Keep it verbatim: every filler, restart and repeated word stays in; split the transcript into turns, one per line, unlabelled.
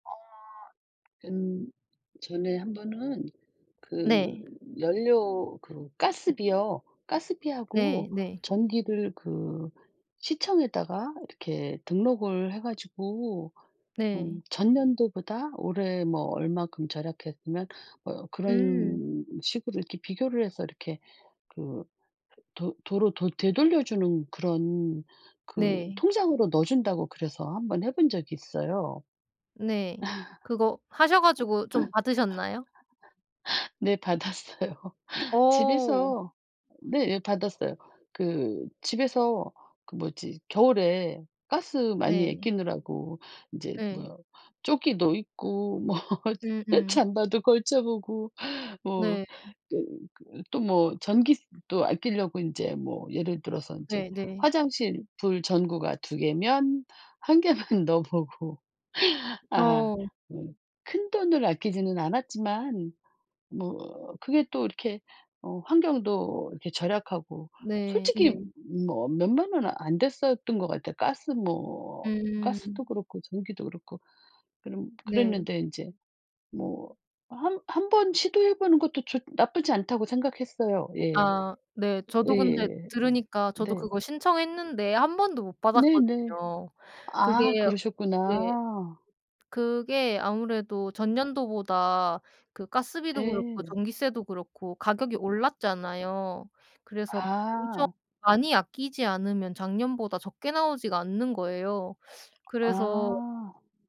어 음 전에 한 번은 그
네.
연료 그 가스비요.
네
가스비하고
네.
전기를 그 시청에다가 이렇게 등록을 해 가지고 음
네.
전년도보다 올해 뭐 얼만큼 절약했으면 뭐
음.
그런 식으로 이렇게 비교를 해서 이렇게 그 도 도로 도 되돌려주는 그런 그
네.
통장으로 넣어준다고 그래서 한 번 해 본 적이 있어요.
네. 그거 하셔 가지고 좀 받으셨나요?
네 받았어요.
어.
집에서 네 받았어요. 그 집에서 그 뭐지 겨울에 가스 많이
네.
아끼느라고 이제
예.
뭐 조끼도 입고 뭐
음음.
잠바도 걸쳐 보고 뭐
네.
또 그 또 뭐 전기세도 아끼려고 인제 뭐 예를 들어서 인제
네 네.
화장실 불 전구가 두 개면 한 개만 넣어 보고. 아
어.
음 큰돈을 아끼지는 않았지만 뭐 그게 또 이렇게 어 환경도 이렇게 절약하고
네
솔직히
네.
뭐 몇만 원은 안 됐었던 것 같아요. 가스 뭐
음.
가스도 그렇고 전기도 그렇고. 그런
네.
그랬는데 인제 뭐 어 한 한번 시도해 보는 것도 좋 나쁘지 않다고 생각했어요. 예.
아 네. 저도 근데
예예예예.
들으니까 저도
네.
그거 신청했는데 한 번도 못
네네.
받았거든요.
아
그게 네
그러셨구나.
그게 아무래도 전년도보다 그 가스비도 그렇고
네.
전기세도 그렇고 가격이 올랐잖아요. 그래서 엄청
아.
많이 아끼지 않으면 작년보다 적게 나오지가 않는 거예요. 그래서
아.